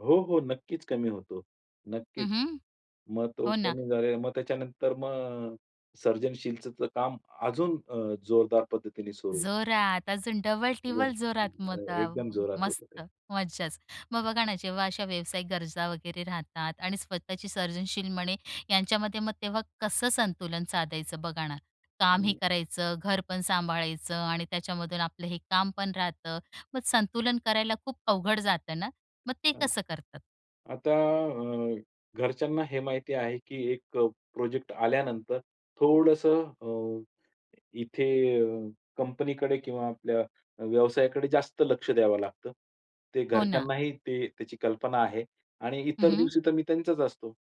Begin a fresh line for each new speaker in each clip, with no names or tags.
हो, हो. नक्कीच कमी होतो.
हं,
नक्कीच.
हं.
मग तो
हो ना.
कमी झालेला, मग त्याच्यानंतर मग सर्जनशीलचं काम अजून अ, जोरदार पद्धतीने सुरू.
जोरात. अजून
एकदम
डबल-टीबल जोरात मग. त
अ,
अ,
एकदम जोरात होतं
मस्त,
ते.
मज्जाच. मग बघा ना, जेव्हा अशा व्यावसायिक गरजा वगैरे राहतात, आणि स्वतःची सर्जनशील म्हणे यांच्यामध्ये, मग तेव्हा कसं संतुलन साधायचं, बघा ना? कामही
हं.
करायचं, घर पण सांभाळायचं, आणि त्याच्यामधून आपलं हे काम पण राहतं. मग संतुलन करायला खूप अवघड जातं ना? मग ते
हं.
कसं करतात?
आता अ, घरच्यांना हे माहिती आहे की एक अ, प्रोजेक्ट आल्यानंतर थोडंसं अ, इथे अ, कंपनीकडे किंवा आपल्या व्यवसायाकडे जास्त लक्ष द्यावं लागतं. ते
हो ना.
घरच्यांनाही ते त्याची कल्पना आहे, आणि
हं,
इतर
हं.
दिवशी तर मी त्यांचाच असतो.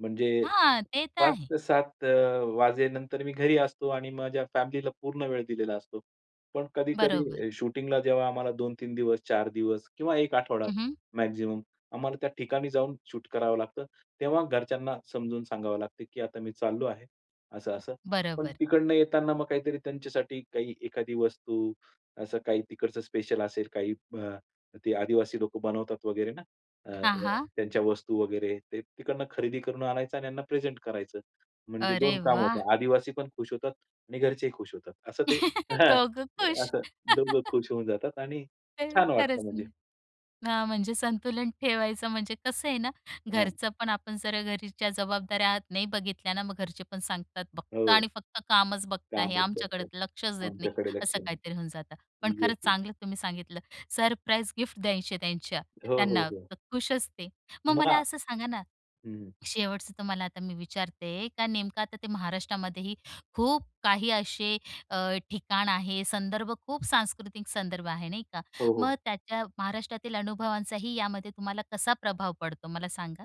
म्हणजे
हां, ते तर
5
आहे.
ते 7 अ, वाजेनंतर मी घरी असतो, आणि माझ्या फॅमिलीला पूर्ण वेळ दिलेला असतो. पण
बरोबर.
कधी-कधी शूटिंगला जेव्हा आम्हाला 2-3 दिवस, 4 दिवस, किंवा 1 आठवडा
हं, हं.
मॅक्सिमम आम्हाला त्या ठिकाणी जाऊन शूट करावं लागतं. तेव्हा घरच्यांना समजून सांगावं लागतं की, "आता मी चाललो आहे. असं-असं." पण
बरोबर.
तिकडनं येताना मग काहीतरी त्यांच्यासाठी, काही एखादी वस्तू असं काही तिकडचं स्पेशल असेल, काही अ, ते आदिवासी लोकं बनवतात वगैरे ना, अ,
हां, हां.
त्यांच्या वस्तू वगैरे, ते तिकडनं खरेदी करून आणायचं, आणि त्यांना प्रेझेंट करायचं. म्हणजे दोन
अरे
कामं
वाह!
होतात. आदिवासी पण खुश होतात, आणि घरचेही खुश होतात. असं ते हां.
दोघं खुश.
असं दोघं खुश होऊन जातात, आणि
अ,
छान
खरंच
वाटतं म्हणजे.
ना. हां. म्हणजे संतुलन ठेवायचं म्हणजे कसं आहे ना.
हां.
घरचं पण आपण जर घरच्या जबाबदाऱ्या नाही बघितल्या ना, मग घरचे पण सांगतात, "फक्त
हो.
आणि फक्त कामच बघता आहे.
काम
आमच्याकडे
करतात.
लक्षच देत नाही."
आमच्याकडे लक्ष
असं
नाही.
काहीतरी होऊन जातं. पण
येस,
खरंच
येस.
चांगलं तुम्ही सांगितलं, सरप्राईज गिफ्ट द्यायचे त्यांच्या
हो, हो,
त्यांना.
हो.
खुश असते. मग
मग आ
मला असं सांगा ना,
हं.
शेवटचं तुम्हाला आता मी विचारते का, नेमकं आता ते महाराष्ट्रामध्येही खूप काही असे अ, ठिकाण आहे, संदर्भ, खूप सांस्कृतिक संदर्भ आहे नाही का?
हो,
मग
हो.
त्याच्या महाराष्ट्रातील अनुभवांचाही यामध्ये तुम्हाला कसा प्रभाव पडतो, मला सांगा?